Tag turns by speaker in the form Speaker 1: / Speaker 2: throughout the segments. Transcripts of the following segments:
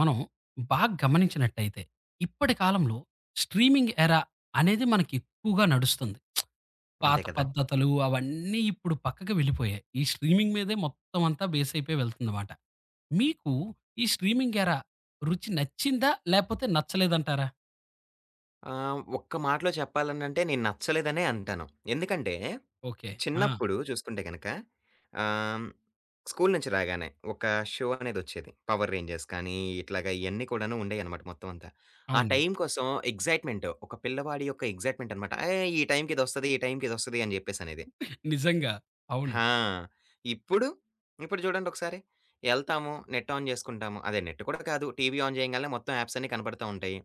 Speaker 1: మనం బాగ గమనించినట్టయితే, ఇప్పడి కాలంలో స్ట్రీమింగ్ ఎరా అనేది మనకి ఎక్కువగా నడుస్తుంది. పాత
Speaker 2: అంతే కదా!
Speaker 1: పద్ధతులు అవన్నీ ఇప్పుడు పక్కకు వెళ్ళిపోయాయి. ఈ స్ట్రీమింగ్ మీదే మొత్తమంతా బేసయిపోయి వెళ్తుందన్నమాట. మీకు ఈ స్ట్రీమింగ్ ఎరా రుచి నచ్చిందా? లేపోతే నచ్చలేదంటారా?
Speaker 2: ఆహ్, ఒక్క మాటలో చెప్పాలనంటే నేను నచ్చలేదనే అంటాను. ఎందుకంటే
Speaker 1: ఓకే. ఆ!
Speaker 2: చిన్నప్పుడు చూసుకుంటే గనక, ఆహ్, స్కూలు నుంచి రాగానే ఒక షో అనేదొచ్చేది. 'పవర్ రేంజర్స్' కానీ ఇట్లాగ ఇయన్ని కూడాను ఉండేయన్నమాట మొత్తమంతా.
Speaker 1: ఆ!
Speaker 2: ఆ
Speaker 1: ఉంది.
Speaker 2: టైం కోసం ఎక్స్‌సైట్‌మెంటు, ఒక పిల్లవాడి యొక్క ఎక్స్‌సైట్‌మెంటన్నమాట. ఏయ్! ఈ టైమ్‌కిదొస్తది, ఈ టైమ్‌కిదొస్తది అని జెప్పేసనేది.
Speaker 1: నిజంగా. అవును.
Speaker 2: ఆ! ఇప్పుడు ఇప్పుడు చూడండొకసారి, ఎళ్తాము నెట్ ఆన్ చేసుకుంటాము అదే నెట్ కూడా కాదు. టీవీ ఆన్ జేయంగాలనే మొత్తం యాప్సన్ని కనపడతా ఉంటాయి.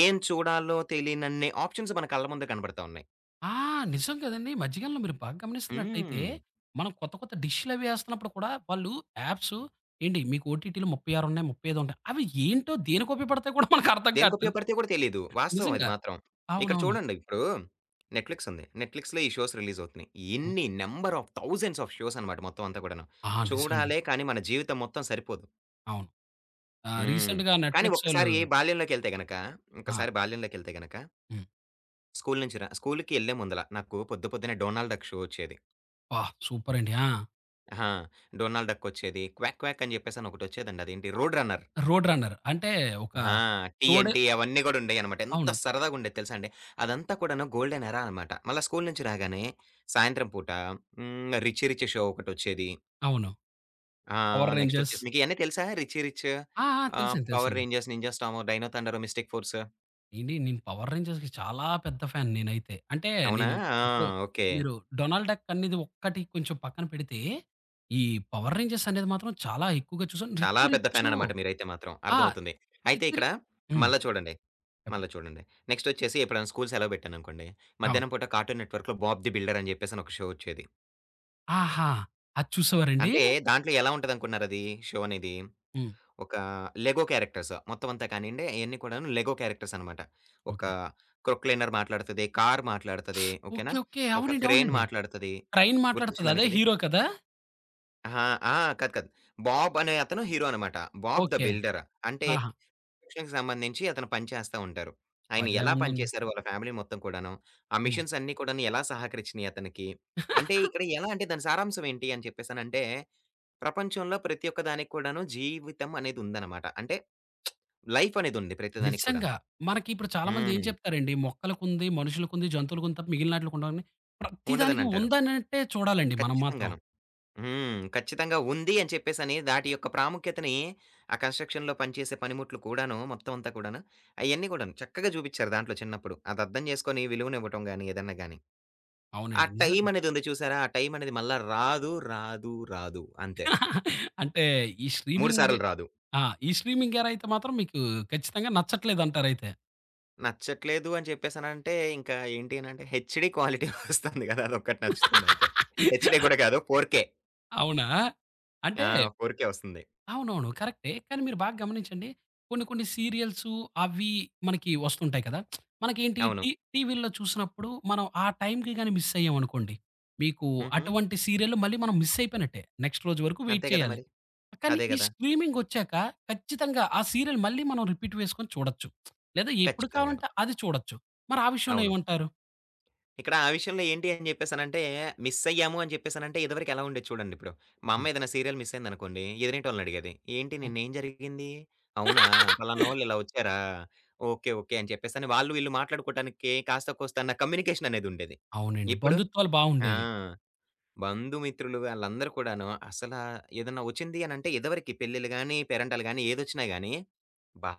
Speaker 2: ఏం చూడాలో తెలీనన్ని ఆప్షన్స్ మన కళ్ళ ముందే కనబడతావున్నాయి.
Speaker 1: ఆ! నిజం గదండీ! మధ్యకాలంలో మీరు బాగ గమనిస్తున్నట్టయితే,
Speaker 2: హ్మ్.
Speaker 1: మనం కొత్త, కొత్త డిష్‌ల‌వి ఏస్తున్నప్పుడు కూడా వాళ్ళు యాప్సు, ఏండి మీకు ఓటిటి‌లు 36 ఉన్నాయి, 35 ఉంటాయి. అవి ఏంటో, దేనికుపయోగా పడతాయొ కూడా మనకర్థం కాట్లేదు.
Speaker 2: దేనికుపయోగపడతాయో గూడా తెలియదు. వాస్తవం అది
Speaker 1: నిజంగా.
Speaker 2: మాత్రం. ఇక్కడ
Speaker 1: అవునవును.
Speaker 2: చూడండి ఇప్పుడు నెట్‌ఫ్లిక్సుంది. నెట్‌ఫ్లిక్స్‌లో ఈ షోస్ రిలీజవుతున్నయి.
Speaker 1: హ్మ్.
Speaker 2: ఎన్ని నంబర్ ఆఫ్, థౌసండ్స్ ఆఫ్ షోసన్నమాట మొత్తమంతా కూడాను.
Speaker 1: ఆ! నిజమండి.
Speaker 2: చూడాలే కానీ మన జీవితం మొత్తం సరిపోదు.
Speaker 1: అవును. ఆహ్,
Speaker 2: హ్మ్.
Speaker 1: రీసెంట్‌గా
Speaker 2: కానీ,
Speaker 1: నెట్‌‌‌‌ఫ్లిక్సోళ్ళు
Speaker 2: ఒక్కసారి బాల్యంలోకెళ్తే గనక,
Speaker 1: ఆ!
Speaker 2: ఒక్కసారి బాల్యంలోకెళ్తే గనక
Speaker 1: హ్మ్.
Speaker 2: స్కూలు నుంచి ర స్కూలుకి ఎల్లే ముందల నాకు పొద్దు పొద్దునే 'డోనాల్డ్‌ డక్' షో వచ్చేది.
Speaker 1: అబ్బా! సూపరండి. ఆ!
Speaker 2: అహ! 'డోనాల్డ్‌ డక్కొచ్చేది'. క్వాక్ క్వాక్ అని చెప్పేససి అనొకటొచ్చేదండి. అదేంటి? Road‌ runner.
Speaker 1: 'Road‌ runner.' అంటే ఒక
Speaker 2: ఆ! టీ ఎన్
Speaker 1: తోడే
Speaker 2: టీ అవన్నీ గూడా ఉండేవన్నమాట. ఎంత
Speaker 1: అవును.
Speaker 2: సరదాగ ఉండేది తెలుసా అండి. అదంతా కూడాను గోల్డెన్ ఎరా అన్నమాట. మల్ల స్కూలు నుంచి రాగానే, సాయంత్రం పూట హ్మ్. 'రిచీ రిచ్' షో ఒకటొచ్చేది.
Speaker 1: అవును.
Speaker 2: ఆ!
Speaker 1: Power‌
Speaker 2: next
Speaker 1: Rangers.
Speaker 2: ఒచ్చేసి మీకు ఇయన్నీ తెలుసా? 'రిచీ రిచ్'
Speaker 1: ఆ! ఆ!
Speaker 2: ఆహ్,
Speaker 1: తెలుసండి.
Speaker 2: 'పవర్‌
Speaker 1: తెలుసండి.
Speaker 2: Rangers', 'Ninja Storm', 'Dino Thunder', 'Mystic‌ Force'?
Speaker 1: ఏండి నేను 'పవర్‌ రేంజర్స్‌కి' చాలా పెద్ద ఫ్యాన్ నేనైతే. అంటే
Speaker 2: అవునా!
Speaker 1: నేను
Speaker 2: ఆ!
Speaker 1: ఇప్పుడు
Speaker 2: ఓకే.
Speaker 1: మీరు 'డొనాల్డ్‌ డక్' అనేది ఒక్కటి కొంచెం పక్కన పెడితే, ఈ 'పవర్‌‌ రేంజర్స్' అనేది మాత్రం చాలా ఎక్కువగా చుసాను.
Speaker 2: చాలా
Speaker 1: 'రిచీ
Speaker 2: పెద్ద ఫ్యాన్
Speaker 1: రిచ్చు'
Speaker 2: అన్నమాట మీరయితే మాత్రం.
Speaker 1: ఆ!
Speaker 2: అర్థమవుతుంది. అయితే
Speaker 1: రీచు
Speaker 2: ఇక్కడ
Speaker 1: హ్మ్.
Speaker 2: మల్లా చూడండి.
Speaker 1: చెప్పండి.
Speaker 2: మల్లా చూడండి. నెక్స్ట్ ఒచ్చేసి ఎప్పుడైనా స్కూలు సెలవు పెట్టాననుకోండి,
Speaker 1: అవును.
Speaker 2: మధ్యాహ్నం పూట 'కార్టూన్ నెట్‌వర్క్‌'లో 'బాబ్ ది బిల్డర్' అని చెప్పేసని ఒక షో ఒచ్చేది.
Speaker 1: ఆహా! అది చూసేవారండీ?
Speaker 2: అంటే దాంట్లో ఎలా ఉంటదనుకున్నారు అదీ, షో అనేది.
Speaker 1: హ్మ్.
Speaker 2: ఒకా లెగో క్యారెక్టర్స్ మొత్తం అంతా కానియండి, అయన్ని కూడాను లెగో క్యారెక్టర్సన్నమాట. ఒక
Speaker 1: ఓకే.
Speaker 2: క్రొక్‌లైనర్ మాట్లాడతది, కారు మాట్లాడతది.
Speaker 1: ఓకే.
Speaker 2: ఓకేనా?
Speaker 1: ఓకే.
Speaker 2: ఒక
Speaker 1: అవునండి!
Speaker 2: క్రేన్
Speaker 1: అవునండి!
Speaker 2: మాట్లాడతది.
Speaker 1: ట్రైన్ మాట్లాడతది
Speaker 2: గుర్తొచ్చింద
Speaker 1: అదే
Speaker 2: మీకిది?
Speaker 1: హీరో కదా?
Speaker 2: అహా! ఆ! కాదు. కాదు. బాబ్ అనే అతను హీరో అనమాట. 'Bob the
Speaker 1: okay.
Speaker 2: బిల్డర్' అంటే
Speaker 1: ఆహా!
Speaker 2: కన్‌స్ట్రక్షన్‌కి సంబంధించి అతను పని చేస్తా ఉంటారు. ఆయన
Speaker 1: భలే
Speaker 2: ఎలా పని
Speaker 1: ఉందండి!
Speaker 2: చేసారు వాళ్ళ ఫ్యామిలీ మొత్తం కూడాను? ఆ
Speaker 1: హ్మ్.
Speaker 2: మిషిన్స్ అన్ని కూడాను ఎలా సహకరిచ్చినయి అతనికి? అంటే ఇక్కడ ఎలా అంటే దాని సారాంశం ఏంటి? అని చెప్పేసనంటే ప్రపంచంలో ప్రతి ఒక్క దానికి కూడాను జీవితం అనేది ఉందనమాట. అంటే లైఫ్ అనేది ఉంది ప్రతి దానికి కూడాను.
Speaker 1: నిజంగా. మనకిప్పుడు చాలామంది ఏం
Speaker 2: హ్మ్.
Speaker 1: చెప్తారండి? మొక్కలకుంది, మనుషులకుంది, జంతువులకుంది తప్ప మిగిలినాట్లికుండవని, ప్రతి దానికి
Speaker 2: ఉండదనంటారు.
Speaker 1: ఉందన్నట్టే చూడాలండి మనం మాత్రం.
Speaker 2: ఖచ్చితంగాను. హ్మ్. ఖచ్చితంగా ఉంది అని చెప్పేసని దాటి యొక్క ప్రాముఖ్యతని ఆ కన్‌స్ట్రక్షన్‌లో పని చేసే పనిముట్లు కూడాను మొత్తం అంతా కూడాను అయన్ని కూడాను చక్కగా చూబిచ్చారు దాంట్లో చిన్నప్పుడు అదర్ధం చేసుకొని విలువనివ్వటం గాని ఏదన్నా గాని, ఆ
Speaker 1: అవునండి. నిజంగా.
Speaker 2: టైమనేది ఉంది చూసారా? ఆ టైమనేది మళ్ళా రాదు, రాదు, రాదు. అంతే.
Speaker 1: అంటే ఈ
Speaker 2: 3
Speaker 1: స్ట్రీమింగ్
Speaker 2: సార్లు రాదు.
Speaker 1: ఆ! ఈ స్ట్రీమింగ్ గేరయితే మాత్రం మీకు ఖచ్చితంగా నచ్చట్లేదంటారయితే.
Speaker 2: నచ్చట్లేదు అని చెప్పేసనంటే ఇంకా ఏంటి అనంటే హెచ్‌డీ క్వాలిటీ ఒస్తుంది కదా! అదొక్కటి నచ్చుతుందంతే. హెచ్‌డీ కూడా కాదు 4కే
Speaker 1: అవునా? అంటే
Speaker 2: ఆ! 4కే ఒస్తుంది.
Speaker 1: అవునవును. కరెక్టే. కానీ మీరు బాగ గమనించండి. కొన్ని కొన్ని సీరియల్సు అవి మనకి వస్తుంటాయి కదా! మనకేంటి
Speaker 2: అవును.
Speaker 1: టీ టీవీ‌లో చూస్తున్నప్పుడు మనం ఆ టైం‌కి గాని మిస్సయ్యామనుకోండి, మీకు
Speaker 2: హుహు.
Speaker 1: అటువంటి సీరియల్లు మళ్ళీ మనం మిసయిపోయినట్టే. నెక్స్ట్ రోజు వరకు వెయిట్
Speaker 2: అంతే కదా!
Speaker 1: చేయాలి.
Speaker 2: మరి.
Speaker 1: కానీ
Speaker 2: అదే
Speaker 1: ఈ
Speaker 2: గదా!
Speaker 1: స్ట్రీమింగొచ్చాక ఖచ్చితంగా ఆ సీరియలు మళ్ళీ మనం రిపీట్ వేసుకొని చూడొచ్చు. లేదా ఎప్పుడు
Speaker 2: ఖచ్చితంగాను.
Speaker 1: కావాలంటే అది చూడొచ్చు. మరి ఆ విషయంలో
Speaker 2: అవును.
Speaker 1: ఏమంటారు?
Speaker 2: ఇక్కడ ఆ విషయంలో ఏంటి అని చెప్పేసనంటే మిస్సయ్యాము అని చెప్పేసనంటే ఇదివరకెలా ఉండేది చూడండి ఇప్పుడు. మా
Speaker 1: హ్మ్.
Speaker 2: అమ్మేదైనా సీరియల్ మిస్సయిందనుకోండి, ఎదురింటోళ్లనడిగేది. "ఏంటి
Speaker 1: హ్మ్.
Speaker 2: నిన్నేం జరిగింది? అవునా? పలానోళ్ళు ఇలా ఒచ్చారా? ఓకే. ఓకే." అని చెప్పేసని వాళ్ళు వీళ్ళు మాట్లాడుకోవటానికి కాస్త కోస్త అన్న కమ్యూనికేషన్ అనేదుండేది.
Speaker 1: అవునండి.
Speaker 2: ఇప్పుడు,
Speaker 1: బంధుత్వాలు
Speaker 2: ఆ!
Speaker 1: బావుండేవి.
Speaker 2: బంధు మిత్రులు వాళ్ళందరూ కూడాను అసల ఏదన్న ఒచ్చింది అనంటే ఇదివరకి పెళ్లిలు గాని పేరంటాలు గాని ఏదొచ్చినా గాని "అబ్బా!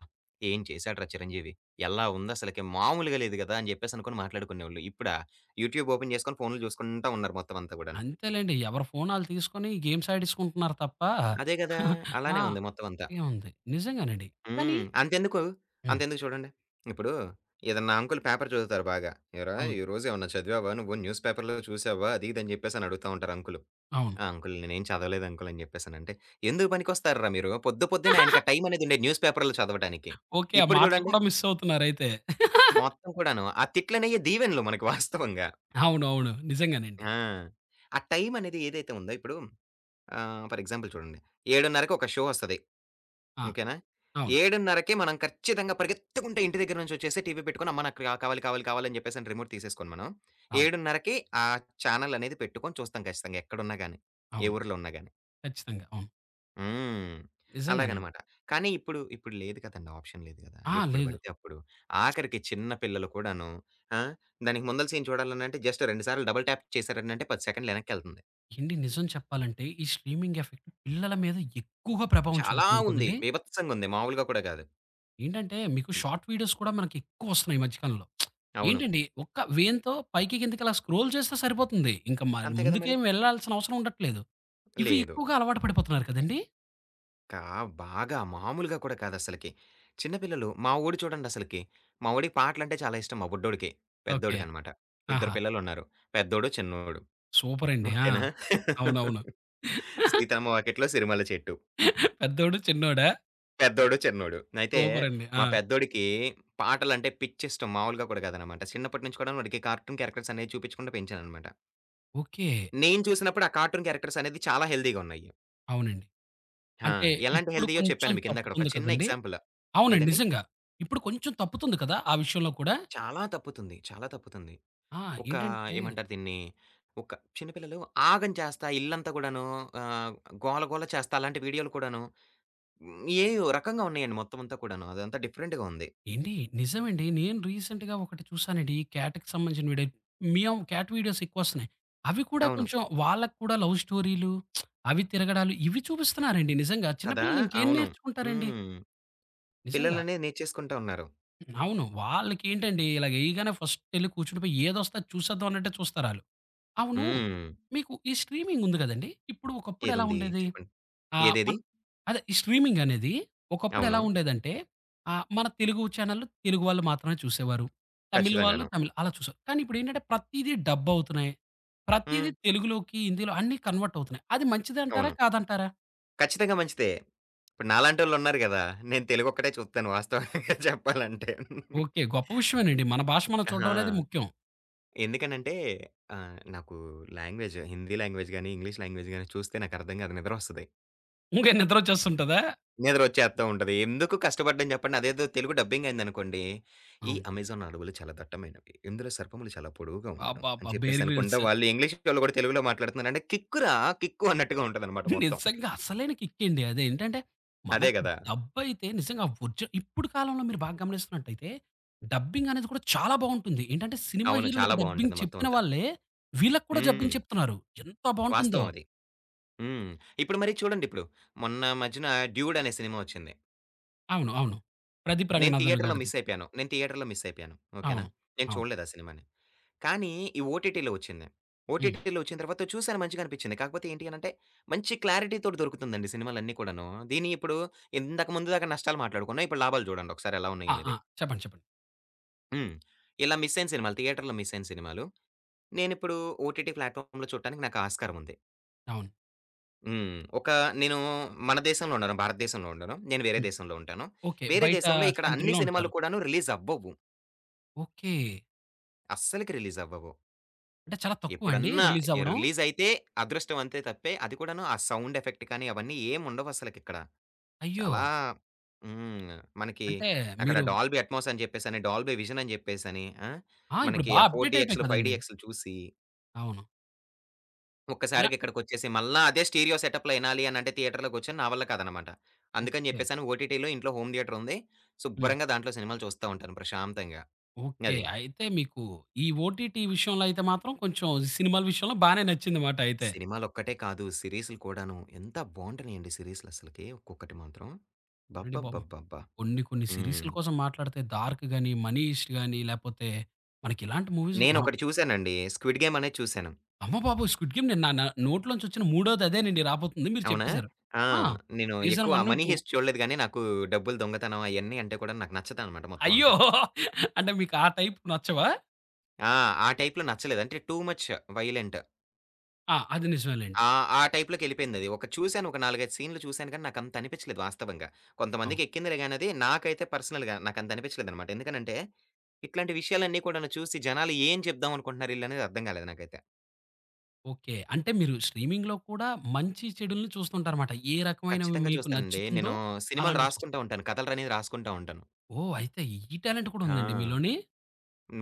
Speaker 2: ఏం చేసాడురా చిరంజీవి, ఎలా ఉంది అసలకి మాములుగా లేదు గదా!" అని చెప్పేసనుకొని మాట్లాడుకునేవాళ్ళు. ఇప్పుడా యూట్యూబ్ ఓపెన్ చేసుకొని ఫోనులు జూసుకుంటా ఉన్నారు మొత్తం అంతా గూడాను.
Speaker 1: అంతేలెండి. ఎవరి ఫోన్ ఆళ్లు తీసుకొని గేమ్స్ ఆడేసుకుంటున్నారు తప్ప
Speaker 2: అదే గదా!
Speaker 1: ఆ!
Speaker 2: అలానే ఉంది మొత్తం అంతా.
Speaker 1: ఏముంది. నిజంగానండి. కానీ
Speaker 2: హ్మ్. అంతెందుకు?
Speaker 1: హ్మ్.
Speaker 2: అంతెందుకు చూడండి. ఇప్పుడు ఏదైనా అంకులు పేపరు జదువుతారు బాగా. "ఏరా!
Speaker 1: అవును.
Speaker 2: ఈరోజు ఏమన్నా చదివావా నువ్వు న్యూస్‌పేపర్‌లో చూసావా?" అది ఇది అని జెప్పేసని అడుగుతా ఉంటారు అంకులు.
Speaker 1: అవును.
Speaker 2: అంకులు నేనేం చదవలేదు అంకులు అని జెప్పేసనంటే "ఎందుకు పనికొస్తార్రా మీరు? పొద్దు పొద్దున్నే ఆయనకా టైం అనేదుండేది న్యూస్‌ పేపర్లు చదవటానికి
Speaker 1: ఓకే. ఆ
Speaker 2: ఇప్పుడు
Speaker 1: మాటలు
Speaker 2: జూడండి."
Speaker 1: కూడా మిస్సవుతున్నారయితే.
Speaker 2: మొత్తం కూడాను. ఆ తిట్లునయ్యి దీవెనలు మనకు వాస్తవంగా.
Speaker 1: అవునవును. నిజంగానండి.
Speaker 2: ఆ! ఆ టైం అనేది ఏదైతే ఉందో ఇప్పుడు ఆహ్, ఫర్ ఎగ్జాంపుల్ చూడండి. 7:30కి ఒక షో ఒస్తది.
Speaker 1: ఆ!
Speaker 2: ఓకేనా?
Speaker 1: అవును.
Speaker 2: 7:30కి మనం ఖచ్చితంగా పరిగెత్తుకుంటే ఇంటి దగ్గర నుంచొచ్చేసి టీవీ పెట్టుకొని అమ్మ నాకు కావాలి, కావాలి, కావాలి అని జెప్పేసని రిమోట్ తీసేసుకొని మనం
Speaker 1: అవును.
Speaker 2: 7:30కి ఆ చానెల్ అనేది పెట్టుకొని చూస్తాం ఖచ్చితంగా ఎక్కడున్నా గాని. ఏ
Speaker 1: అవును.
Speaker 2: ఊర్లో ఉన్నా గాని.
Speaker 1: ఖచ్చితంగా! అవును.
Speaker 2: హ్మ్.
Speaker 1: నిజంగానండి.
Speaker 2: అలాగనమాట. కానీ ఇప్పుడు, ఇప్పుడు లేదు కదండీ! ఆప్షన్ లేదు గదా!
Speaker 1: ఆ!
Speaker 2: ఎప్పుడు
Speaker 1: లేదు.
Speaker 2: బడితే అప్పుడు ఆఖరికి చిన్న పిల్లలు కూడాను. ఆ! దానికి ముందల సీన్ చూడాలనంటే జస్ట్ 2 సార్లు డబుల్ ట్యాప్ చేసారనంటే 10 సెకండ్లెనక్కెళ్తుంది.
Speaker 1: ఏండి నిజం చెప్పాలంటే, ఈ స్ట్రీమింగెఫెక్ట్ పిల్లల మీద ఎక్కువగా ప్రభావం
Speaker 2: చాలా
Speaker 1: చూపుతుంది
Speaker 2: ఉంది.
Speaker 1: కదండీ!
Speaker 2: బీభత్సంగుంది. మాములుగా కూడా కాదు.
Speaker 1: ఏంటంటే, మీకు
Speaker 2: హ్మ్.
Speaker 1: షార్ట్ వీడియోస్ కూడా ఎక్కువొస్తున్నాయి ఈ మధ్య కాలంలో.
Speaker 2: అవును.
Speaker 1: ఏంటండి ఒక వేళ్తో పైకి, కిందకలా స్క్రోల్ చేస్తే సరిపోతుంది. ఇంకా మర్
Speaker 2: అంతే కదా! మరి.
Speaker 1: ముందుకేం వెళ్ళాల్సిన అవసరం ఉండట్లేదు. ఇవి
Speaker 2: లేదు.
Speaker 1: ఎక్కువగా అలవాటు పడిపోతున్నారు కదండీ!
Speaker 2: కా బాగా మామూలుగా కూడా కాదసలకి. చిన్న పిల్లలు మా వోడు చూడండసలకి, మా వోడికి పాటలంటే చాలా ఇష్టం. మా బుడ్డోడికి
Speaker 1: ఓకే.
Speaker 2: పెద్దోడికనమాట. ఇద్దరు
Speaker 1: ఆహా!
Speaker 2: పిల్లలున్నారు. పెద్దోడు, చిన్నోడు.
Speaker 1: సూపరండి. ఆ!
Speaker 2: ఓకేనా!
Speaker 1: అవునవును.
Speaker 2: 'సీతమ్మ వాకిట్లో సిరిమల్లే చెట్టు.'
Speaker 1: పెద్దోడు, చిన్నోడా?
Speaker 2: పెద్దోడు, చిన్నోడు. అయితే,
Speaker 1: సూపరండి.
Speaker 2: మా
Speaker 1: ఆ!
Speaker 2: పెద్దోడికి పాటలంటే పిచ్చిష్టం మాములుగా కూడా కాదనమాట. చిన్నప్పటి నుంచి కూడా వాడికి కార్టూన్ క్యారెక్టర్సనే చూపించకుండా పెంచాననమాట.
Speaker 1: ఓకే.
Speaker 2: నేను చూసినప్పుడు, ఆ కార్టూన్ క్యారెక్టర్సనేది చాలా హెల్తీగా ఉన్నాయి.
Speaker 1: అవునండి.
Speaker 2: ఆ!
Speaker 1: అంటే
Speaker 2: ఎలాంటి
Speaker 1: ఇప్పుడు
Speaker 2: హెల్తీయో
Speaker 1: కొంచెం
Speaker 2: చెప్పాను మీకు ఇందాకడ ఒక
Speaker 1: తప్పుతుంది
Speaker 2: చిన్న
Speaker 1: కదండీ!
Speaker 2: ఎగ్జాంపులు.
Speaker 1: అవునండి
Speaker 2: ఏదండి?
Speaker 1: నిజంగా. ఇప్పుడు కొంచెం తప్పుతుంది కదా! ఆ విషయంలో కూడా.
Speaker 2: చాలా తప్పుతుంది. చాలా తప్పుతుంది.
Speaker 1: ఆ!
Speaker 2: ఒక
Speaker 1: ఏంటంటే
Speaker 2: ఏమంటారు దీన్ని ఒక చిన్న పిల్లలు ఆగం చేస్తా ఇల్లంతా కూడాను ఆహ్, గోల, గోల చేస్తా అలాంటి వీడియోలు కూడాను ఏయో, రకంగా ఉన్నాయండి మొత్తమంతా కూడాను. అదంతా డిఫరెంట్‍గా ఉంది.
Speaker 1: ఏండి నిజం అండి. నేను రీసెంట్‍గా ఒకటి చూసానండి, ఈ క్యాట్‍కి సంబంధించిన వీడియో. Meow cat వీడియోసెక్కువస్తున్నాయి. అవి కూడా
Speaker 2: అవును.
Speaker 1: కొంచెం వాళ్ళకి కూడా లవ్ స్టోరీలు, అవి తిరగడాలు, ఇవి చూపిస్తున్నారండి నిజంగా. చిన్న
Speaker 2: కదా!
Speaker 1: పిల్లలు ఇంకేం
Speaker 2: అవును.
Speaker 1: నేర్చుకుంటారండి.
Speaker 2: హ్మ్.
Speaker 1: నిజంగా.
Speaker 2: పిల్లలనే నేర్చేసుకుంటా ఉన్నారు.
Speaker 1: అవును. వాళ్ళకేంటండి ఇలా యేయగానే ఫస్టెళ్లి కూర్చుడి పోయి, ఏదస్తే అది చూసేద్దాం అన్నట్టే చూస్తారాళ్ళు. అవును,
Speaker 2: హ్మ్.
Speaker 1: మీకు ఈ స్ట్రీమింగుంది గదండీ! ఇప్పుడు ఒకప్పుడెలా
Speaker 2: ఏదుంది
Speaker 1: ఉండేది?
Speaker 2: చెప్పండి.
Speaker 1: ఆహ్,
Speaker 2: ఏదేది?
Speaker 1: మన్ అదే ఈ స్ట్రీమింగనేది ఒకప్పుడు ఎలా
Speaker 2: అవును.
Speaker 1: ఉండేదంటే, ఆహ్, మన తెలుగు చానెల్లు తెలుగు వాళ్ళు మాత్రమే చూసేవారు. తమిళ్ వాళ్ళు
Speaker 2: ఖచ్చితంగాను.
Speaker 1: తమిళ్, అలా చూసేవారు. కానీ ఇప్పుడేంటంటే, ప్రతీది డబ్బవుతున్నాయి. ప్రతీది
Speaker 2: హ్మ్.
Speaker 1: తెలుగులోకి, హిందీలో అన్ని కన్వర్ట్ అవుతున్నాయి. అది మంచిదంటారా
Speaker 2: అవును.
Speaker 1: కాదంటారా?
Speaker 2: ఖచ్చితంగా మంచిదే. ఇప్పుడు నాలాంటోళ్ళున్నారు గదా! నేను తెలుగొక్కటే చూత్తను వాస్తవంగా చెప్పాలంటే.
Speaker 1: ఓకే. గొప్ప విషయమేనండి. మన భాష మనం
Speaker 2: ఆహా!
Speaker 1: చూడ్డమనేది ముఖ్యం.
Speaker 2: ఎందుకనంటే ఆహ్, నాకు లాంగ్వేజు, హిందీ లాంగ్వేజ్‍గాని, ఇంగ్లీష్ లాంగ్వేజ్‍గాని చూస్తే నాకర్థం కాదు, నిద్రొస్తది.
Speaker 1: ఇంగే నిద్రొచ్చేస్తుంటదా?
Speaker 2: నిద్ర ఒచ్చేత్తా ఉంటది. ఎందుకు కష్టపడ్డం జెప్పండి? అదేదో తెలుగు డబ్బింగైందనుకోండి, "ఈ
Speaker 1: అవును.
Speaker 2: అమెజాన్ అడవులు చాలా దట్టమైనవి. ఇందులో సర్పములు చాలా పొడువుగా ఉండును."
Speaker 1: అబ్బబ్బ!
Speaker 2: అని
Speaker 1: బేర్
Speaker 2: చెప్పేసనుకుండ
Speaker 1: గ్రిల్స్.
Speaker 2: వాళ్ళు ఇంగ్లీష్ వాళ్ళు కూడా తెలుగులో మాట్లాడుతున్నారంటే కిక్ రా కిక్కు! అన్నట్టుగా ఉంటదన్నమాట మొత్తం.
Speaker 1: నిజంగా. అసలైన కిక్ అండి అది ఏంటంటే,
Speaker 2: అదే
Speaker 1: మనకి
Speaker 2: గదా!
Speaker 1: డబ్ అయితే నిజంగా ఒరిజినల్ ఇప్పుడు కాలంలో మీరు బాగా గమనిస్తున్నట్లయితే, డబ్బింగనేది కూడా చాలా బావుంటుంది. ఏంటంటే సినిమా
Speaker 2: అవును. చాలా
Speaker 1: హీరోలకి డబ్బింగ్
Speaker 2: బావుంటది
Speaker 1: చెప్పిన
Speaker 2: మొత్తమంతా.
Speaker 1: వాళ్ళే, వీళ్ళకి కూడా డబ్బింగ్
Speaker 2: హ్మ్.
Speaker 1: చెప్తున్నారు ఎంత బావుంటుందో!
Speaker 2: వాస్తవమది. హ్మ్. ఇప్పుడు మరి చూడండిప్పుడు. మొన్నా మధ్యన 'డ్యూడ్' అనే సినిమా ఒచ్చింది.
Speaker 1: అవును. అవును. ప్రదీప్
Speaker 2: నేను
Speaker 1: రంగనాథన్
Speaker 2: థియేటర్‌లో
Speaker 1: గారిది.
Speaker 2: మిసైపోయాను. నేను థియేటర్‌లో మిసైపోయాను. ఓకేనా!
Speaker 1: అవును.
Speaker 2: నేను
Speaker 1: అవును.
Speaker 2: చూడలేదు ఆ సినిమాని. కానీ, ఈ ఓటిటిలో ఒచ్చింది.
Speaker 1: హ్మ్.
Speaker 2: ఓటిటిలో ఒచ్చిన తర్వాత చూశాను మంచిగానిపించింది. కాకపోతే ఏంటి అని అంటే మంచి క్లారిటీతోటి దొరుకుతుందండి సినిమాలన్ని కూడాను. దీన్ని ఇప్పుడు ఇంతక ముందు దాకా నష్టాలు మాట్లాడుకున్నాం, ఇప్పుడు లాభాలు జూడండి ఒకసారెలా
Speaker 1: ఆ!
Speaker 2: ఉన్నాయనేది.
Speaker 1: ఆ! చెప్పండి. చెప్పండి.
Speaker 2: హ్మ్. ఇలా మిసైన సినిమాలు థియేటర్‌లో మిసైన సినిమాలు నేనిప్పుడు ఓటిటి ప్లాట్‌ఫార్మ్‌లో చూడటానికి నాకు ఆస్కారముంది.
Speaker 1: అవును.
Speaker 2: హ్మ్. ఒక నేను మన దేశంలో ఉండను. భారతదేశంలో ఉండను. నేను వేరే
Speaker 1: హ్మ్.
Speaker 2: దేశంలో ఉంటాను.
Speaker 1: ఓకే.
Speaker 2: వేరే
Speaker 1: బయట
Speaker 2: దేశంలో ఇక్కడ అన్ని
Speaker 1: కంట్రీలో
Speaker 2: సినిమాలు
Speaker 1: ఉంటారు.
Speaker 2: కూడాను రిలీజవ్వవు.
Speaker 1: ఓకే.
Speaker 2: అస్సలకి రిలీజవ్వవు.
Speaker 1: అంటే చాలా తక్కువండి
Speaker 2: ఎప్పుడన్నా ఎ
Speaker 1: రిలీజవ్వడం?
Speaker 2: రిలీజయితే అదృష్టవంతే తప్పే, అది కూడాను ఆ సౌండ్ ఎఫెక్ట్ కానీ అవన్నీ ఏముండవు అసలకిక్కడ.
Speaker 1: అయ్యో!
Speaker 2: చాలా హ్మ్. మనకి
Speaker 1: అంటే,
Speaker 2: అక్కడ
Speaker 1: మీరు
Speaker 2: డాల్‌బి అట్‌మోస్ అని జెప్పేసని, డాల్‌బి విజన్ అని జెప్పేసని, ఆ!
Speaker 1: ఆ! ఇప్పుడు
Speaker 2: మనకి
Speaker 1: బాగా
Speaker 2: ఆ ఫోర్
Speaker 1: అప్‌డేటయిపోయాయి
Speaker 2: డి‌ఎక్సులు, ఫైవ్
Speaker 1: కదండీ.
Speaker 2: డి‌ఎక్సులు చూసి
Speaker 1: అవును. ఇలా
Speaker 2: ఒక్కసారిగా ఇక్కడికొచ్చేసి, మల్ల అదే స్టీరియో సెటప్‌లో ఇనాలి అనంటే థియేటర్‌లో కూర్చుని నా వల్ల కాదనమాట. అందుకని
Speaker 1: ఓకే.
Speaker 2: జెప్పేసను ఓటిటి‌లో ఇంట్లో హోమ్ థియేటరుంది,
Speaker 1: హ్మ్.
Speaker 2: శుభ్రంగా దాంట్లో సినిమాలు చూస్తా ఉంటాను ప్రశాంతంగా.
Speaker 1: ఓకే.
Speaker 2: అది.
Speaker 1: అయితే మీకు ఈ ఓటిటి విషయంలో అయితే మాత్రం కొంచెం సినిమాల విషయంలో బానే నచ్చిందమాట అయితే.
Speaker 2: సినిమాలొక్కటే కాదు. సీరీసులు కూడాను. ఎంత బావుంటున్నయండి సీరీస్‌లసలకి, ఒక్కొక్కటి మాత్రం.
Speaker 1: అండి పాపం,
Speaker 2: అబ్బబ్బబ్బబ్బా!
Speaker 1: కొన్ని కొన్ని సీరీసుల
Speaker 2: హ్మ్.
Speaker 1: కోసం మాట్లాడితే 'డార్క్' గాని, 'మనీ‌హీ‌స్ట్' గాని, లేపోతే మనకిలాంటి మూవీస్ మనం
Speaker 2: నేనొకటి చూసానండి 'స్క్విడ్ గేమ్' అనేది చూసాను.
Speaker 1: అమ్మ బాబోయ్! 'స్క్విడ్ గేమ్' నే నా నోట్లో నుంచొచ్చిన మూడోదదేనండి రాబోతుంది, మీరు
Speaker 2: అవునా!
Speaker 1: చెప్పేసారు.
Speaker 2: ఆ!
Speaker 1: ఆ!
Speaker 2: నేను
Speaker 1: సీజన్
Speaker 2: ఎక్కువ
Speaker 1: 1, 2
Speaker 2: 'మనీ‌హీ‌స్ట్' చూడలేదు గాని, నాకు డబ్బులు దొంగతనం అయన్ని అంటే కూడా నాకు నచ్చదన్నమాట
Speaker 1: అయ్యో!
Speaker 2: మొత్తమంతా.
Speaker 1: అంటే మీకు ఆ టైపు నచ్చవా?
Speaker 2: ఆ! ఆ టైప్‌లో నచ్చలేదు అంటే టూ ముచ్ వైలెంట్.
Speaker 1: ఆ! అది నిజమే లెండి.
Speaker 2: ఆ! ఆ టైపులోకెళ్ళిపోయింది అది. ఒకటి చూసాను ఒక 4, 5 సీన్లు చూసాను గాని నాకంత అనిపిచ్చలేదు వాస్తవంగా.
Speaker 1: అవును.
Speaker 2: కొంతమందికెక్కిందిలే గాని అది, నాకైతే పర్సనల్‌గా నాకంతనిపిచ్చలేదన్నమాట. ఎందుకనంటే, ఇట్లాంటి విషయాలన్ని కూడాను చూసి జనాలేం చెప్దాం అనుకుంటున్నారు ఈల్లనేది అర్థం గాలేదు నాకైతే.
Speaker 1: ఓకే. అంటే మీరు స్ట్రీమింగ్‌లో కూడా మంచి, చెడులుని చూస్తూ ఉంటారు మాట. ఏ రకమైనవి
Speaker 2: కచ్చితంగా
Speaker 1: మీకు
Speaker 2: చూస్తానండి.
Speaker 1: నచ్చుతుందో
Speaker 2: నేను సినిమాలు
Speaker 1: అలాంటివి చూస్త్
Speaker 2: రాసుకుంట ఉంటాను కథలు రనేవి రాసుకుంటా ఉంటాను.
Speaker 1: ఓహ్! అయితే ఈ టాలెంట్ కూడా
Speaker 2: ఆ!
Speaker 1: ఉందండి మీలోని?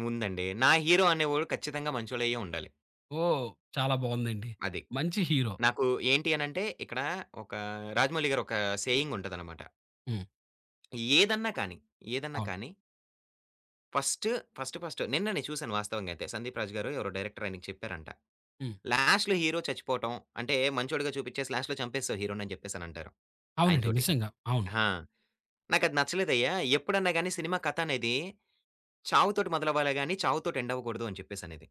Speaker 2: ఉందండి. నా హీరో అనేవాడు ఖచ్చితంగా మంచోళ్ళయ్యే ఉండాలి.
Speaker 1: ఓహ్! చాలా బావుందండి!
Speaker 2: అది.
Speaker 1: మంచి హీరో.
Speaker 2: నాకు ఏంటి అనంటే ఇక్కడ ఒక రాజమౌళి గారు ఒక సేయింగ్ ఉంటదనమాట.
Speaker 1: హ్మ్.
Speaker 2: ఏదన్నా కానీ, ఏదన్నా
Speaker 1: అవును.
Speaker 2: కాని ఫస్ట్ ఫస్ట్ ఫస్ట్ నిన్న నేను చూసాను వాస్తవంగా అయితే. సందీప్ రాజు గారు ఎవరో డైరెక్టర్ ఆయనకి చెప్పారంట.
Speaker 1: హ్మ్.
Speaker 2: "లాస్ట్‌లో హీరో చచ్చిపోవటం అంటే మంచోడిగా చూపిచ్చేసి, లాస్ట్‌లో చంపేసావు హీరో‌ని" అని జెప్పేసి అనంటారు ఆయన
Speaker 1: అవునండి.
Speaker 2: తోటి.
Speaker 1: నిజంగా. అవును.
Speaker 2: ఆ! "నాకది నచ్చలేదయ్యా! ఎప్పుడన్నా గాని, సినిమా కథ అనేది చావుతోటి మొదలవ్వాలే గాని, చావుతోటి ఎండ్ అవ్వకూడదు" అని చెప్పసనేది.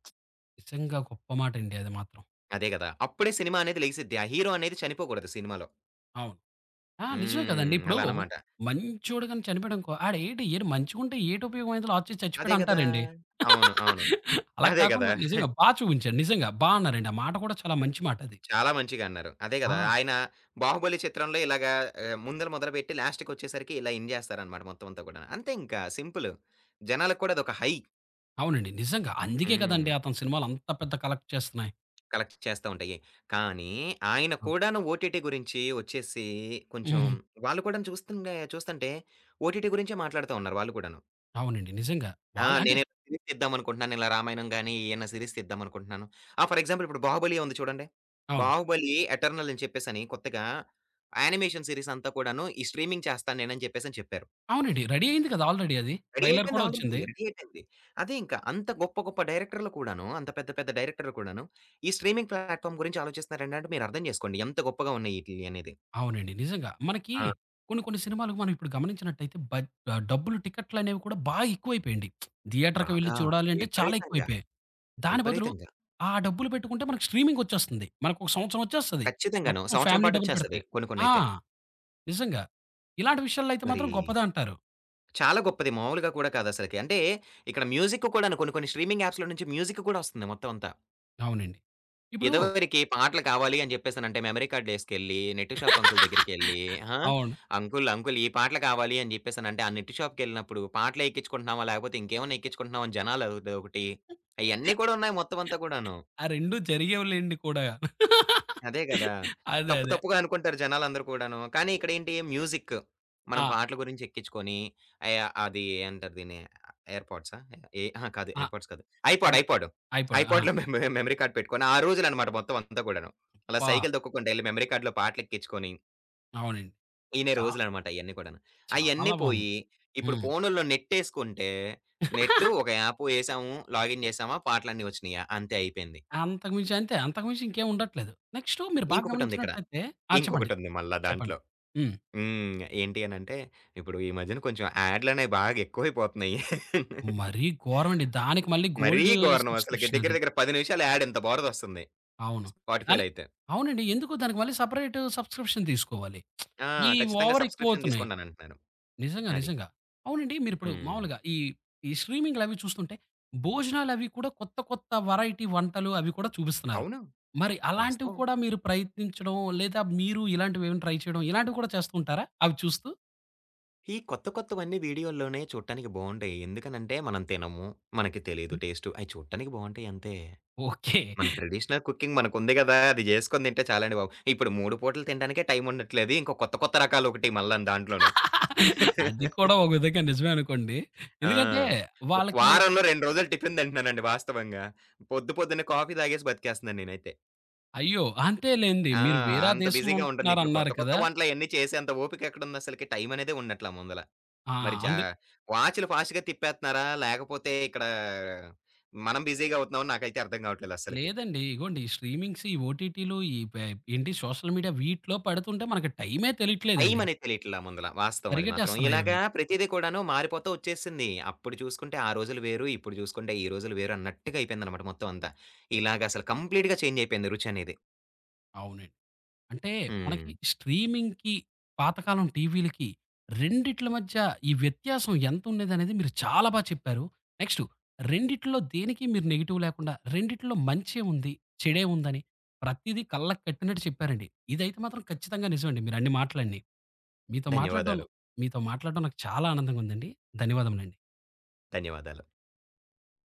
Speaker 1: నిజంగా గొప్ప మాటండి. అది మాత్రం.
Speaker 2: అదే గదా! అప్పుడే సినిమా అనేది లెగిసిద్ది. ఆ హీరో అనేది చనిపోగూడదు సినిమాలో.
Speaker 1: అవును. ఆ! నిజమే కదండీ!
Speaker 2: హ్మ్.
Speaker 1: ఇప్పుడు
Speaker 2: అలానమాట.
Speaker 1: మంచోడు గాని చనిపోయాడనుకో, ఆడు ఏంటి, మంచిగుంటే ఏంటి ఉపయోగమైందో లాస్ట్‌కి
Speaker 2: అదే గదా!
Speaker 1: చచ్చిపోయాడంటారండి.
Speaker 2: అవును. అవును.
Speaker 1: అలా
Speaker 2: అదే గదా!
Speaker 1: కాకుండా నిజంగా బా చూపించారు. నిజంగా. బా అన్నారండి ఆ మాట కూడా చాలా మంచి మాటది.
Speaker 2: చాలా మంచిగా అన్నారు. అదే గదా!
Speaker 1: ఆ!
Speaker 2: ఆయన 'బాహుబలి' చిత్రంలో ఇలాగా ఆహ్, ముందల మొదలుపెట్టి, లాస్ట్‌కొచ్చేసరికి ఇలా ఎండ్ జేస్తారనమాట మొత్తం అంతా కూడాను. అంతే ఇంకా సింపులు. జనాలకి కూడా అదొక హై.
Speaker 1: అవునండి నిజంగా. అందుకే కదండి
Speaker 2: హ్మ్.
Speaker 1: అతని సినిమాలు అంత పెద్ద కలెక్ట్ చేస్తున్నాయి!
Speaker 2: కలెక్ట్ చేస్తా ఉంటాయి. కానీ, ఆయన
Speaker 1: ఆ!
Speaker 2: కూడాను ఓటీటీ గురించి ఒచ్చేసి కొంచెం
Speaker 1: హుహు.
Speaker 2: వాళ్ళుని కూడా చూస్తుంటే చూస్తుంటే ఓటీటీ గురించే మాట్లాడుతా ఉన్నారు వాళ్ళు కూడాను.
Speaker 1: అవునండి. నిజంగా
Speaker 2: ఆ!
Speaker 1: వాళ్ళు అంటే
Speaker 2: నేను సీరీస్ తీద్దామనుకుంటున్నాను 'రామాయణం' గాని ఏయన్నా సీరీస్ తీద్దామనుకుంటున్నాను. ఆ! ఫర్ ఎగ్జాంపుల్ ఇప్పుడు 'బాహుబలి' ఉంది చూడండి.
Speaker 1: అవును.
Speaker 2: 'బాహుబలి' ఎటర్నల్ అని చెప్పేసని కొత్తగా యానిమేషన్ సీరీసంతా కూడాను, ఈ "స్ట్రీమింగ్ చేస్తా నేనని" చెప్పేసని చెప్పారు.
Speaker 1: అవునండి. రెడీ అయింది కదా ఆల్రెడీ అది.
Speaker 2: రెడీ
Speaker 1: ట్రైలర్
Speaker 2: అయిపోయింది.
Speaker 1: కూడా ఒచ్చింది.
Speaker 2: ఆల్రెడీ రెడీ అయిపోయింది. అదే ఇంకా అంత గొప్ప, గొప్ప డైరెక్టర్‌లు కూడాను, అంత పెద్ద, పెద్ద డైరెక్టర్‌లు కూడాను ఈ స్ట్రీమింగ్ ప్లాట్‌ఫార్మ్ గురించి ఆలోచిస్తున్నారంటే, మీరర్థం చేసుకోండి ఎంత గొప్పగా ఉన్నాయి ఈటిలియి అనేది.
Speaker 1: అవునండి. నిజంగా! మనకి
Speaker 2: ఆ!
Speaker 1: కొన్ని, కొన్ని సినిమాలు మనం ఇప్పుడు గమనించినట్లైతే, బ ఆహ్, డబ్బులు టికెట్లనేవి కూడా బాగా ఎక్కువైపోయింది. థియేటర్‌కి వెళ్లి
Speaker 2: బాగా.
Speaker 1: చూడాలి అంటే చాలా
Speaker 2: విపరీతంగా.
Speaker 1: ఎక్కువైపోయాయి. దాని బదులు
Speaker 2: విపరీతంగా.
Speaker 1: ఆ డబ్బులు పెట్టుకుంటే, మనకి స్ట్రీమింగొచ్చేస్తుంది మనకు ఒక సంవత్సరం ఒచ్చేస్తది.
Speaker 2: ఖచ్చితంగాను.
Speaker 1: మొత్తం
Speaker 2: సంవత్సరం
Speaker 1: ఫ్యామిలీ డబ్బులు పెడితే.
Speaker 2: పాటొచ్చేస్తది కొన్ని,
Speaker 1: ఆ!
Speaker 2: కొన్నయితే.
Speaker 1: నిజంగా ఇలాంటి విషయాల్లో అయితే
Speaker 2: మరి.
Speaker 1: మాత్రం గొప్పదంటారు.
Speaker 2: చాలా గొప్పది మాములుగా కూడా కాదసలకి. అంటే, ఇక్కడ మ్యూజిక్ కూడా కొన్ని, కొన్ని స్ట్రీమింగ్ యాప్స్‌లో నుంచి మ్యూజిక్ కూడా ఒస్తుంది మొత్తం అంతా.
Speaker 1: అవునండి. ఇప్పుడు
Speaker 2: ఇదవరికి పాటలు కావాలి అని జెప్పేసనంటే మెమరీ కార్డ్ ఏసుకెళ్ళి, నెట్టు షాపంకుల్ దగ్గరికెళ్లి, ఆ!
Speaker 1: అవును.
Speaker 2: "అంకుల్ అంకుల్ ఈ పాటలు కావాలి" అని జెప్పేసనంటే, ఆ నెట్ షాప్‌కెళ్ళినప్పుడు "పాటలెక్కించుకుంటున్నావా, లేకపోతే ఇంకేమైనా ఎక్కించుకుంటున్నావా?" అని జనాలు అదొకటి అయన్ని కూడున్నాయి మొత్తమంతా కూడాను.
Speaker 1: ఆ రెండు జరిగేవిలెండి కూడా
Speaker 2: అదే గదా!
Speaker 1: అదే.
Speaker 2: తప్పు
Speaker 1: అదే.
Speaker 2: తప్పుగా అనుకుంటారు జనాలందరు కూడాను. కానీ ఇక్కడేంటి, మ్యూజిక్. మనం
Speaker 1: ఆ!
Speaker 2: పాటలు గురించెక్కించుకొని, అయ అది ఏమంటారు దిన్ని, ఎయిర్ పాడ్సా? ఎ అహ కాదు
Speaker 1: ఆ!
Speaker 2: ఎయిర్‌ పాడ్స్ కాదు. ఐపాడ్,
Speaker 1: అదే.
Speaker 2: IPod,
Speaker 1: iPod. ఆ!
Speaker 2: ఐపాడ్‌లో మె మెమరీ కార్డ్ పెట్టుకొని, ఆ రోజులనమాట మొత్తమంతా గూడాను. అలా
Speaker 1: పా
Speaker 2: సైకిల్ దొక్కుకుంటా వెళ్లి మెమరీ కార్డ్‌లో పాటలెక్కించుకొని
Speaker 1: అవునండి.
Speaker 2: ఇనే
Speaker 1: చా
Speaker 2: రోజులనమాట అయన్ని కూడాను. అయన్ని
Speaker 1: చాలా బాగుంది.
Speaker 2: పోయి, ఇప్పుడు
Speaker 1: హ్మ్.
Speaker 2: ఫోనుల్లో నెట్టేసుకుంటే, నెట్, ఒక యాప్ ఏసాము, లాగిన్ జేసామా పాటలన్ని ఒచ్చినియా అంతే అయిపోయింది.
Speaker 1: అంతకు మించి, అంతే అంతకు మించేం ఉండట్లేదు. నెక్స్టు, మీరు బాగా
Speaker 2: ఇంకొకటుందిక్కడ.
Speaker 1: గమనించినట్లయితే ఆ! చెప్పండి.
Speaker 2: ఇంకొకటుంది మల్లా దాంట్లో
Speaker 1: చెప్పండి. హ్మ్.
Speaker 2: హ్మ్. ఏంటి అనంటే, ఇప్పుడు ఈ మధ్యన కొంచుం యాడ్‌లనేవి బాగా ఎక్కువైపోతున్నాయి.
Speaker 1: మరీ గోరమండి. దానికి మళ్ళి
Speaker 2: మరీ
Speaker 1: గోల్డ్
Speaker 2: ఘోరనమసలకి దగ్గిర
Speaker 1: సబ్‌స్క్రి‌ప్‌షనది.
Speaker 2: దగ్గిర 10 నిమిషాలు యాడ్ ఇంత బరుదొస్తుంది
Speaker 1: అవును. కానీ,
Speaker 2: స్పాటిఫైలో అయితే.
Speaker 1: అవునండి. ఎందుకు దానికి మళ్ళీ సెపరేట్ సబ్‌‌స్క్రి‌ప్‌ష‌న్ దీసుకోవాలి.
Speaker 2: ఆ!
Speaker 1: ఈ
Speaker 2: ఖచ్చితంగా సబ్‌స్క్రి‌ప్‌షన్
Speaker 1: ఓవరెక్కువవుతున్నాయి.
Speaker 2: తీసుకోండనంటున్నాను.
Speaker 1: నిజంగా.
Speaker 2: అది.
Speaker 1: నిజంగా. అవునండి. మీరిప్పుడు
Speaker 2: హ్మ్.
Speaker 1: మామూలుగా ఈ ఈ స్ట్రీమింగులవి చూస్తుంటే, భోజనాలవి కూడా కొత్త కొత్త వేరైటీ వంటలు అవి కూడా చూపిస్తున్నారు.
Speaker 2: అవును.
Speaker 1: మరి అలాంటివి
Speaker 2: వాస్తవం.
Speaker 1: కూడా మీరు ప్రయత్నించడం, లేదా మీరు ఇలాంటివేమైనా ట్రై చేయడం ఇలాంటివి కూడా చేస్తూంటారా అవి చూస్తూ?
Speaker 2: ఈ కొత్త కొత్తవన్ని వీడియోల్లోనే చూట్టానికి బాగుండేయి. ఎందుకనంటే, మనం తినము, మనకి తెలీదు
Speaker 1: హ్మ్.
Speaker 2: టేస్టు. అయి చూడటానికి బాగుంటాయంతే.
Speaker 1: ఓకే.
Speaker 2: మన ట్రెడిషనల్ కుకింగ్ మనకుంది గదా! అది జేసుకొని తింటే చాలండి బాబు. ఇప్పుడు 3 పుటలు తినడానికే టైముండట్లేదు. ఇంకో కొత్త కొత్త రకాలొకటి మల్ల దాంట్లోను.
Speaker 1: అది కూడా ఒక విధంగా నిజమే అనుకోండి.
Speaker 2: ఆ!
Speaker 1: ఎందుకంటే
Speaker 2: ఒక
Speaker 1: వాళ్ళకి మనకి
Speaker 2: వారంలో 2 రోజులు టిఫిన్ తింటున్నానండి వాస్తవంగా. పొద్దు పొద్దునే కాఫీ తాగేసి, బతికేస్తన్నా నేనైతే.
Speaker 1: అయ్యో! అంతేలేండి.
Speaker 2: ఆ!
Speaker 1: మీరు వేరా
Speaker 2: అంత
Speaker 1: దేశంలో
Speaker 2: బిజీగా ఉంటందిప్పుడు కొత్త
Speaker 1: ఉంటున్నారన్నారు
Speaker 2: కొత్త
Speaker 1: కదా!
Speaker 2: వంటలయన్ని చేసేంత ఓపికెక్కడుందసలకి? టైమనేదే ఉన్నట్ల ముందల.
Speaker 1: ఆ!
Speaker 2: మరి చా
Speaker 1: అంద్
Speaker 2: వాచులు ఫాస్ట్‌గా తిప్పేత్తన్నారా, లేకపోతే ఇక్కడా మనం బిజీగవుతున్నాం నాకైతే అర్థం గావట్లేదస్సలకి.
Speaker 1: లేదండి. ఇగోండి. స్ట్రీమింగ్స్ ఈ ఓటీటీలు, ఈ బె ఏంటి సోషల్ మీడియా వీటిలో పడుతుంటే మనకు టైమే తెలీట్లేదండి.
Speaker 2: టైమనేది తెలియట్లా ముందల వాస్తవది మాత్రం.
Speaker 1: పరిగెట్టేస్తన్నాయవి.
Speaker 2: ఇలాగా ప్రతిది కూడాను మారిపోతూ ఒచ్చేసింది. అప్పుడు చూసుకుంటే ఆ రోజులు వేరు, ఇప్పుడు చూసుకుంటే ఈ రోజులు వేరన్నట్టుగా అయిపోయిందనమాట మొత్తమంతా ఇలాగసలు కంప్లీట్‌గా చేంజయిపోయింది రుచనేది.
Speaker 1: అవునం అంటే మనకి
Speaker 2: హ్మ్.
Speaker 1: స్ట్రీమింగ్‌కి, పాతకాలం టీవీలికి రెండిట్ల మధ్య ఈ వ్యత్యాసం ఎంతుండేదనేది మీరు చాలా బాగా చెప్పారు. నెక్స్టు. రెండిట్లో దేనికి మీరు నెగెటివ్ లేకుండా రెండిట్లో మంచే ఉంది, చెడే ఉందని ప్రతీదీ కళ్ళకి కట్టినట్టు చెప్పారండి. ఇదైతే మాత్రం ఖచ్చితంగా నిజమండి మీరన్ని మాటలండి. మీతో మాట్లాడ్డం
Speaker 2: ధన్యవాదాలు.
Speaker 1: మీతో మాట్లాడ్డం నాకు చాలా ఆనందంగుందండి. ధన్యవాదములండి.
Speaker 2: ధన్యవాదాలు.